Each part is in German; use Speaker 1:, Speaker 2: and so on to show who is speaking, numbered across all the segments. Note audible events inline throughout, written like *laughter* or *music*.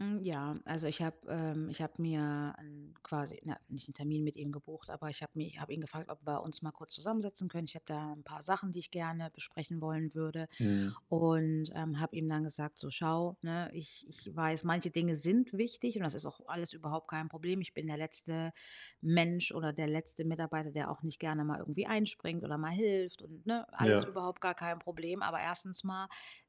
Speaker 1: Hm, ja, also, ich habe, ähm ich habe mir 'n quasi, na nicht 'n Termin mit ihm gebucht, aber ich habe mir ich habe ihn gefragt, ob wir uns mal kurz zusammensetzen können. Ich hätte da 'n paar Sachen, die ich gerne besprechen wollen würde
Speaker 2: Mhm.
Speaker 1: und, ähm, habe ihm dann gesagt, so: „Schau, ne, ich ich weiß, manche Dinge sind wichtig und das ist auch alles überhaupt kein Problem. Ich bin der letzte Mensch oder der letzte Mitarbeiter, der auch nicht gerne mal irgendwie einspringt oder mal hilft und ne, alles
Speaker 2: Ja.
Speaker 1: überhaupt gar kein Problem. Aber 1. mal,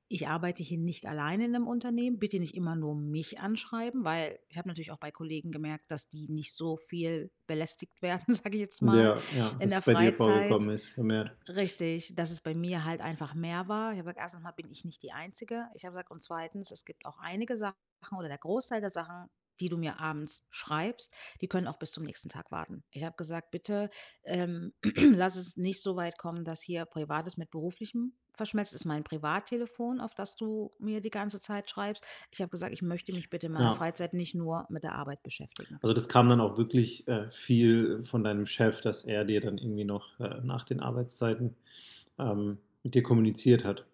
Speaker 1: ich arbeite hier nicht alleine in 'nem Unternehmen. Bitte nicht immer nur mich anschreiben“, weil ich habe natürlich auch bei Kollegen gemerkt, dass die nicht so viel belästigt werden, sage ich jetzt mal,
Speaker 2: Ja, ja,
Speaker 1: in
Speaker 2: dass
Speaker 1: der
Speaker 2: es bei dir
Speaker 1: Freizeit.
Speaker 2: vorgekommen ist vermehrt.
Speaker 1: Richtig, dass es bei mir halt einfach mehr war. Ich habe gesagt: „1. mal bin ich nicht die Einzige“ ich habe gesagt, „und 2., es gibt auch einige Sachen oder der Großteil der Sachen, die du mir abends schreibst, die können auch bis zum nächsten Tag warten.“ Ich habe gesagt: „Bitte, ähm, *clears throat* lass es nicht so weit kommen, dass hier Privates mit Beruflichem verschmelzt. Ist mein Privattelefon, auf das du mir die ganze Zeit schreibst.“ Ich habe gesagt: „Ich möchte mich bitte in meiner
Speaker 2: Ja.
Speaker 1: Freizeit nicht nur mit der Arbeit beschäftigen.“
Speaker 2: Also, das kam dann auch wirklich, äh, viel von deinem Chef, dass er dir dann irgendwie noch äh, nach den Arbeitszeiten, ähm, mit dir kommuniziert hat?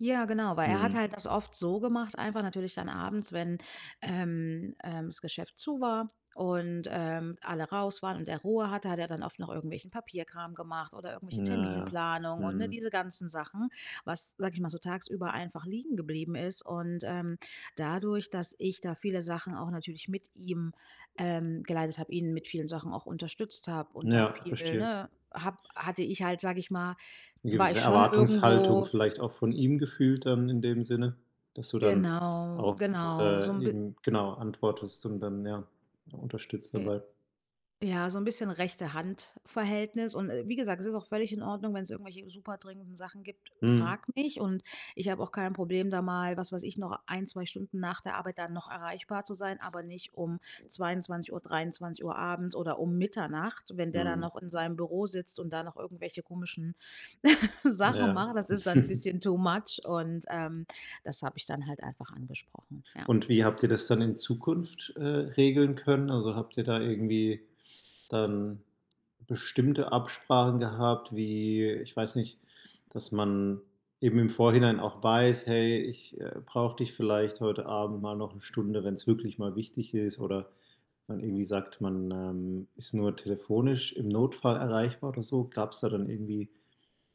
Speaker 1: Ja, genau, weil er hat
Speaker 2: Mhm.
Speaker 1: halt das oft so gemacht, einfach natürlich dann abends, wenn, ähm, ähm, das Geschäft zu war und, ähm, alle raus waren und er Ruhe hatte, hat er dann oft noch irgendwelchen Papierkram gemacht oder
Speaker 2: Ja,
Speaker 1: irgendwelche
Speaker 2: ja.
Speaker 1: Terminplanung und, ne,
Speaker 2: Mhm.
Speaker 1: diese ganzen Sachen, was sage ich mal so tagsüber einfach liegen geblieben ist. Und, ähm, dadurch, dass ich da viele Sachen auch natürlich mit ihm, ähm, geleitet habe, ihn mit vielen Sachen auch unterstützt habe und da
Speaker 2: Ja,
Speaker 1: viel,
Speaker 2: verstehe.
Speaker 1: ne, habe hatte ich halt, sage ich mal
Speaker 2: 'Ne
Speaker 1: war
Speaker 2: gewisse
Speaker 1: ich schon
Speaker 2: Erwartungshaltung
Speaker 1: irgendwo
Speaker 2: vielleicht auch von ihm gefühlt dann, in dem Sinne, dass du dann
Speaker 1: Genau,
Speaker 2: auch,
Speaker 1: genau, so
Speaker 2: äh,
Speaker 1: 'n bi
Speaker 2: eben, genau, antwortest und dann ja unterstützt dabei.
Speaker 1: Ja, so 'n bisschen Rechte-Hand-Verhältnis. Und, äh, wie gesagt, es ist auch völlig in Ordnung, wenn es irgendwelche superdringenden Sachen gibt,
Speaker 2: Mhm.
Speaker 1: frag mich. Und ich habe auch kein Problem, da mal was weiß ich, noch 1, 2 Stunden nach der Arbeit dann noch erreichbar zu sein, aber nicht um 22:00, 23:00 abends oder um Mitternacht, wenn der dann
Speaker 2: Mhm.
Speaker 1: noch in seinem Büro sitzt und da noch irgendwelche komischen *laughs* Sachen
Speaker 2: Ja.
Speaker 1: macht. Das ist dann
Speaker 2: *chuckles*
Speaker 1: bisschen too much. Und, ähm, das habe ich dann halt einfach angesprochen, ja.
Speaker 2: Und wie habt ihr das dann in Zukunft, äh, regeln können? Also, habt ihr da irgendwie dann bestimmte Absprachen gehabt, wie ich weiß nicht, dass man eben im Vorhinein auch weiß: „Hey, ich, äh, brauche dich vielleicht heute Abend mal noch 1 Stunde, wenn es wirklich mal wichtig ist“, oder man irgendwie sagt, man, ähm, ist nur telefonisch im Notfall erreichbar oder so? Gab es da dann irgendwie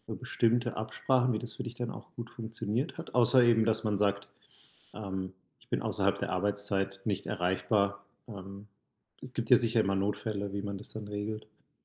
Speaker 2: so bestimmte Absprachen, wie das für dich dann auch gut funktioniert hat, außer eben, dass man sagt, ähm, „ich bin außerhalb der Arbeitszeit nicht erreichbar?“ Ähm, es gibt ja sicher immer Notfälle, wie man das dann regelt.